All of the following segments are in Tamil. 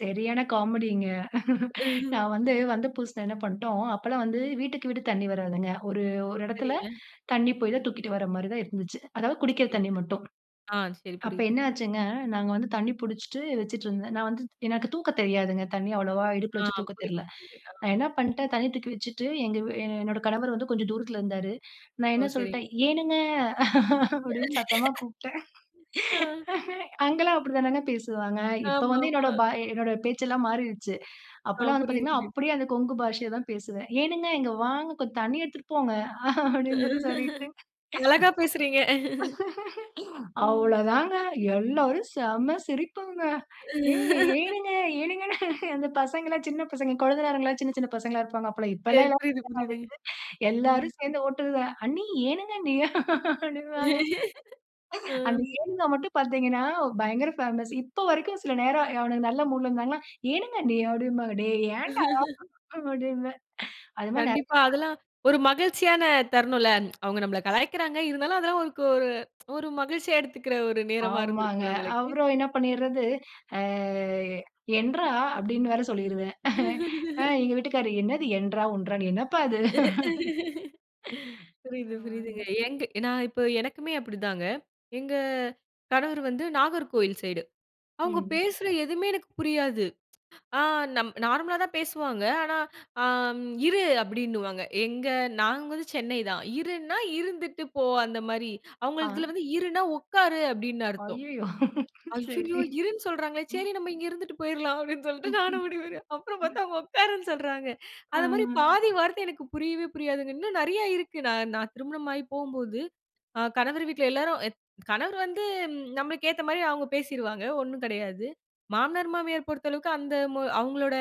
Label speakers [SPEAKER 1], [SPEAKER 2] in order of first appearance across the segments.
[SPEAKER 1] சரியான காமெடிங்க நான் வந்து,
[SPEAKER 2] [unintelligible]
[SPEAKER 1] வந்த புதுசுல என்ன பண்ட்டோம், அப்பல்லாம் வந்து வீட்டுக்கு வீடு தண்ணீ வராதுங்க. ஒரு
[SPEAKER 2] ஓ!
[SPEAKER 1] ஒரு இடத்தில
[SPEAKER 2] சரிங்க.
[SPEAKER 1] தண்ணி போய் தான் தூக்கிட்டு வர்றமாரி தான் இருந்துச்சு, அதாவது குடிக்கிற
[SPEAKER 2] சரிங்க,
[SPEAKER 1] தண்ணி மட்டும்.
[SPEAKER 2] ஆ சரி.
[SPEAKER 1] அப்ப
[SPEAKER 2] புரியுது.
[SPEAKER 1] என்ன ஆச்சுங்க, நாங்க வந்து தண்ணி பிடிச்சிட்டு வச்சிட்டு இருந்தேன். நான் வந்து எனக்கு தூக்க தெரியாதுங்க. தண்ணி அவ்வளவா இடுப்பில
[SPEAKER 2] ஆ,
[SPEAKER 1] வச்சு தூக்க தெர்ல.
[SPEAKER 2] புரியுது, ஆ.
[SPEAKER 1] நான் என்ன பண்டேன் தண்ணி தூக்கி வச்சிட்டு, எங்க வீ எ என்னோட கணவர் வந்து கொஞ்சம் தூரத்தில இருந்தாரு. நான்
[SPEAKER 2] ஓ!
[SPEAKER 1] என்ன
[SPEAKER 2] சரி.
[SPEAKER 1] சொல்ட்டேன், ஏனுங்க அப்பிடினு சத்தமா கூப்பிட்டேன்.
[SPEAKER 2] ஆ.
[SPEAKER 1] அங்கெல்லாம் அப்பிடி தானங்க பேசுவாங்க. இப்ப வந்து
[SPEAKER 2] ஆமாமா
[SPEAKER 1] என்னுடைய பா என்னோட பேச்சு எல்லாம் மாறிருச்சு.
[SPEAKER 2] ஆ
[SPEAKER 1] அப்பல்லாம் வந்து
[SPEAKER 2] புரியுது,
[SPEAKER 1] பார்த்தீங்கனா,
[SPEAKER 2] புரியுது.
[SPEAKER 1] அப்பிடியே அந்த கொங்கு பாஷைய தான் பேசுவேன், ஏனுங்க இங்க வாங்க கொஞ்சம் தண்ணீ எடுத்துட்டு போங்க அப்பிடினு சொல்லி சொல்லிட்டு.
[SPEAKER 2] அழகா பேசுறீங்க ம்.
[SPEAKER 1] அவ்ளோ தாங்க எல்லாரும் செம சிரிப்புங்க, ஏ, ஏனுங்க, ஏனுங்கனு அந்த பசங்க எல்லாம் சின்னப் பசங்க, கொழுந்தனாரு எல்லாம் சின்ன, சின்ன பசங்களா இருப்பாங்க அப்பல்லாம் இப்பலாம்
[SPEAKER 2] சரி,
[SPEAKER 1] எல்லாம்
[SPEAKER 2] புரியுது, புரியுதுங்க.
[SPEAKER 1] [unintelligible]
[SPEAKER 2] ம்.
[SPEAKER 1] எல்லாரும் சேர்ந்து ஓட்டுதுக, அண்ணி, ஏனுங்க அண்ணி அப்பிடிம்பாங்க.
[SPEAKER 2] ஆ.
[SPEAKER 1] அந்த ஏனுங்க மட்டும் பார்த்தீங்கனா பயங்கர பேமஸ் இப்ப வரைக்கும் சில நேரம் அவனுங்க நல்ல மூட்ல இருந்தாங்கனா ஏனுங்க அண்ணி அப்பிடிம்பாங்க, டேய் ஏன்டா? அப்பிடின்னு அது மாதிரி
[SPEAKER 2] கண்டிப்பா.
[SPEAKER 1] நிறைய
[SPEAKER 2] அதெல்லாம் ஒரு மகிழ்ச்சியான தருணும்ல, அவுங்க நம்மள கலாய்க்கிறாங்க, இருந்தாலும் அதெல்லாம் ஒருக்கு ஒரு ஒரு மகிழ்ச்சியா எடுத்துக்கிற ஒரு நேரமா
[SPEAKER 1] ஆமாங்க,
[SPEAKER 2] இருந்திருக்கும்ல, உங்களுக்கு.
[SPEAKER 1] அப்புறம் என்ன பண்ணிட்றது, ஆ என்றா, அப்பிடினு வேற சொல்லிருவேன் அ, எங்க வீட்டுக்காரர் என்னது என்றா! ஒன்றா! என்னப்பா இது.
[SPEAKER 2] புரியுது, புரியுதுங்க,
[SPEAKER 1] ஆமாங்க.
[SPEAKER 2] எங்க நான் இப்ப எனக்குமே அப்பிடிதாங்க, எங்க கணவர் வந்து நாகர்கோவில் சைடு, அவுங்க
[SPEAKER 1] ம்.
[SPEAKER 2] பேசுற எதுவுமே எனக்கு புரியாது. ஆ, நம் நார்மலா தான் பேசுவாங்க, ஆனா ஆ, இரு அப்பிடின்னுவாங்க, எங்க நாங்க வந்து சென்னை தான், இருன்னா, இருந்துட்டு போ அந்த மாரி
[SPEAKER 1] ஆ.
[SPEAKER 2] அவுங்கள்துல வந்து இருனா உட்காரு அப்பிடின்னு அர்த்தம்.
[SPEAKER 1] அய்யயோ!
[SPEAKER 2] ஐய்யயோ!
[SPEAKER 1] சரி.
[SPEAKER 2] இருன்னு சொல்றாங்களே!
[SPEAKER 1] ம்
[SPEAKER 2] சரி நம்ம இங்க இருந்துட்டு போயிர்லாம் அப்பிடின்னு சொல்ட்டு, நானும் [unintelligible] அப்புறம் பார்த்தா அவுங்க உட்காருனு சொல்றாங்க
[SPEAKER 1] ஆ.
[SPEAKER 2] அந்தமாரி பாதி வார்த்தை எனக்கு புரியவே புரியாதுங்க, இன்னும் நிறைய இருக்கு, நான், நான் திருமணம் ஆகி போம்போது, அ, கணவர் வீட்ல எல்லாரும் அ, கணவர் வந்து நம்மளுக்கு ஏத்தமாரி அவுங்க பேசிருவாங்க. ஒன்னும் கிடையாது, மாமனார், மாமியார் பொறுத்த அளவுக்கு, அந்த மொ அவுங்களோட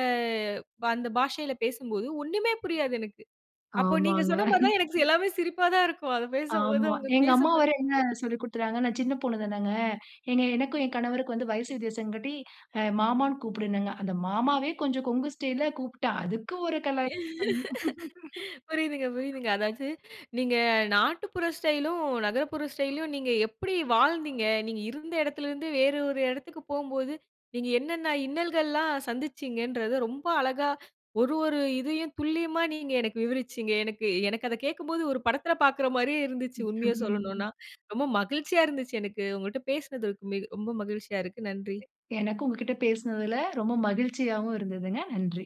[SPEAKER 2] அந்த பாஷையில பேசும்போது, ஒன்னுமே புரியாது எனக்கு, அப்போ நீங்க
[SPEAKER 1] ஆமாங்க.
[SPEAKER 2] சொன்னமாரி தான், எனக்கு எல்லாமே சிரிப்பா தான் இருக்கும், அத பேசும்போது,
[SPEAKER 1] ஆமா,
[SPEAKER 2] அவுங்க
[SPEAKER 1] எங்க அம்மா
[SPEAKER 2] பேசும்போதே.
[SPEAKER 1] வேற என்ன
[SPEAKER 2] [unintelligible]
[SPEAKER 1] சொல்லிக் கொடுத்துகிறாங்க, நான் சின்ன பொண்ணு தானங்க. எங்க எனக்கும் என் கணவருக்கும் வயசு வித்தியாசம் காட்டி அ மாமான்னு கூப்பிடுனாங்க, அந்த மாமாவே கொஞ்சம், கொங்கு ஸ்டைல்ல கூப்பிட்டா, அதுக்கு ஒரு கலாய்ப்
[SPEAKER 2] புரியுதுங்க, புரியுதுங்க. அதாவது நீங்க நாட்டுப்புற ஸ்டைலும், நகரப்புற ஸ்டைல்யும், நீங்க எப்பிடி வாழ்ந்தீங்க! நீங்க இருந்த இடத்தில இருந்து, வேறு ஒரு இடத்துக்கு போம்போது, நீங்க என்னென்ன இன்னல்கள்ல்லாம் சந்திச்சீங்கன்றத, ரொம்ப அழகா ஒரு, ஒரு இதையும் துல்லியமா நீங்க எனக்கு விவரிச்சீங்க. எனக்கு, எனக்கு அத கேட்கும்போது ஒரு படத்தில பார்க்கிற மாரியே இருந்துச்சு, உண்மைய
[SPEAKER 1] [unintelligible]
[SPEAKER 2] சொல்லனுனா. ரொம்ப மகிழ்ச்சியா இருந்துச்சு எனக்கு, உங்கட்ட பேசினதுக்கு மி ரொம்ப மகிழ்ச்சியா இருக்கு. நன்றி.
[SPEAKER 1] எனக்கு உங்ககிட்ட பேசுனதுல ரொம்ப மகிழ்ச்சியாவும் இருந்ததுங்க, நன்றி.